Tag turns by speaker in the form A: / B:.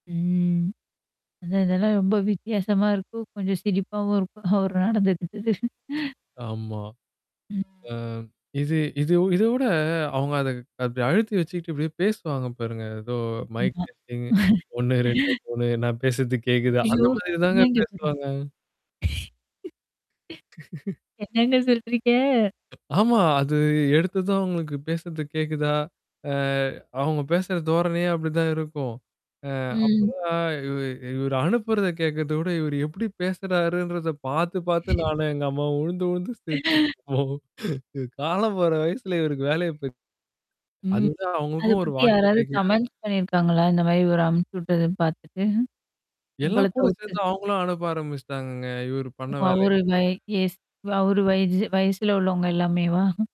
A: ம். அதான் இதெல்லாம் ரொம்ப வித்தியாசமா இருக்கும். கொஞ்சம் சிரிப்பாவும் இருக்கும், அவர் நடந்துக்கிட்டது.
B: ஆமா. அ இது இது இத விட அவங்க அத அப்டி அழுத்தி வச்சுட்டு பேசுவாங்க பாருங்க. ஏதோ மைக்
A: ஆமா.
B: டெஸ்டிங் ஒண்ணு ரெண்டு மூணு நான் பேசுறது கேக்குதா? அந்த
A: ஐயயோ! [unintelligible]
B: மாதிரி தாங்க பேசுவாங்க.
A: என்னங்க சொல்றீங்க?
B: ஆமா, அது எடுத்ததும் உங்களுக்கு பேசுறது கேக்குதா? அ அவங்க பேசுற தோரணையே அப்டிதான் இருக்கும். ஆ அப்ப.
A: ம்.
B: ஆ இ இவரு அனுப்புறத கேட்கறத விட இவரு எப்படி பேசுறாருன்றத பாத்து பாத்து நானும் எங்க அம்மாவும் உழுந்து உழுந்து சிரிப்போம். இ காலம் போற வயசுல இவருக்கு வேலைய. [unintelligible] அது
A: ம்.
B: விட
A: அத
B: அவங்களுக்கும் ஒரு
A: பத்தி யாராவது
B: வாக்கிடாக்கிய.
A: கமெண்ட்ஸ் பண்ணியிருக்காங்களா? இந்த மாரி இவரு அனுப்புச்சு விட்டத பாத்துட்டு. உங்கள
B: எல்லாம் கூட
A: தவுத்து.
B: சேர்ந்து அவங்களும் அனுப்ப ஆரம்பிச்சுட்டாங்கங்க. இவரு
A: ஓ!
B: பண்ண
A: அவரு
B: வேலையினால.
A: வய ஏஜ் அவரு வயச வயசுல உள்ளவங்க எல்லாமேவா?